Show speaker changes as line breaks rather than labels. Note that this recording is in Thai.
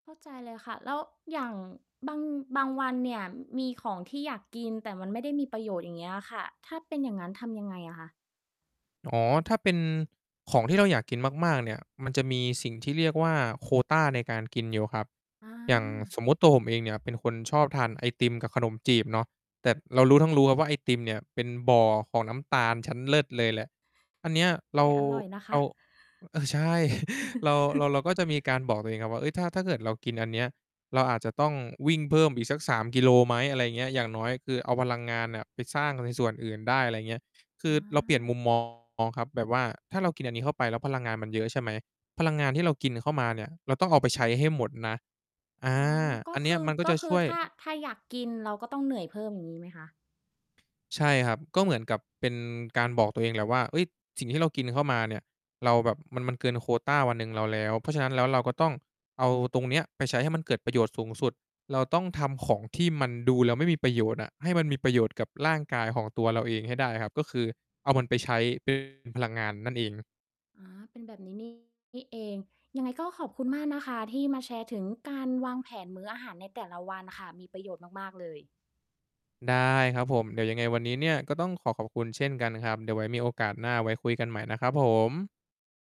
เข้าใจเลยค่ะ แล้วอย่างบาง บางวันเนี่ย มีของที่อยากกิน แต่มันไม่ได้มีประโยชน์ อย่างเงี้ยค่ะ ถ้าเป็นอย่างงั้น ทำยังไงอะคะ?
อ๋อ ถ้าเป็นของที่เราอยากกินมาก ๆ เนี่ย มันจะมีสิ่งที่เรียกว่า โควตาในการกินอยู่ครับ
อ
อย่าง
า
สมมุติ ตัวผมเองเนี่ยเป็นคนชอบทานไอติมกับขนมจีบเนาะ แต่เรารู้ทั้งรู้ครับว่า ไอติมเนี่ยเป็นบ่อของน้ำตาลชั้นเลิศเลยแหละ อันเนี้ย
ต
เร
แต
า
่อร่อยนะค
เอา
ะ
เออ ใช่ เรา เรา เราก็จะมีการบอกตัวเองครับว่า เฮ้ย ถ้า ถ้าเกิดเรากินอันเนี้ย เราอาจจะต้องวิ่งเพิ่มอีกสัก 3 กิโลไหม? อะไรเงี้ย อย่างน้อยคือเอาพลังงานเนี่ยไปสร้างในส่วนอื่นได้ อะไรเงี้ย คื
อ
อเราเปลี่ยนม
า
ุม มอง ครับ แบบว่าถ้าเรากินอันนี้เข้าไปแล้วพลังงานมันเยอะใช่ไหม พลังงานที่เรากินเข้ามาเนี่ย เราต้องเอาไปใช้ให้หมดนะ อา
อ๋อ ก็
อันเ
ค
นี้
ื
ย
อ
มันก็
ก็
จะ
คื
ช
อ
่วย
ถ้า ถ้าอยากกิน เราก็ต้องเหนื่อยเพิ่ม อย่างงี้ไหมคะ?
ใช่ครับ ก็เหมือนกับเป็นการบอกตัวเองแหละว่า เฮ้ย สิ่งที่เรากินเข้ามาเนี่ย เราแบบ มัน มันเกินโควตาวันหนึ่งเราแล้ว เพราะฉะนั้นแล้วเราก็ต้องเอาตรงเนี้ยไปใช้ให้มันเกิดประโยชน์สูงสุด เราต้องทำของที่มันดูแล้วไม่มีประโยชน์อะ ให้มันมีประโยชน์กับร่างกายของตัวเราเองให้ได้ครับ ก็คือเอามันไป ใช้ เป็น พลังงานนั่นเอง
อ๋อ เป็นแบบนี้ นี่ เอง ยังไงก็ขอบคุณมากนะคะที่มาแชร์ถึงการวางแผนมื้ออาหารในแต่ละวันค่ะ มีประโยชน์มาก ๆ เลย
ได้ครับผม เดี๋ยวยังไงวันนี้เนี่ยก็ต้องขอขอบคุณเช่นกันครับ เดี๋ยวไว้มีโอกาสหน้า ไว้คุยกันใหม่นะครับผม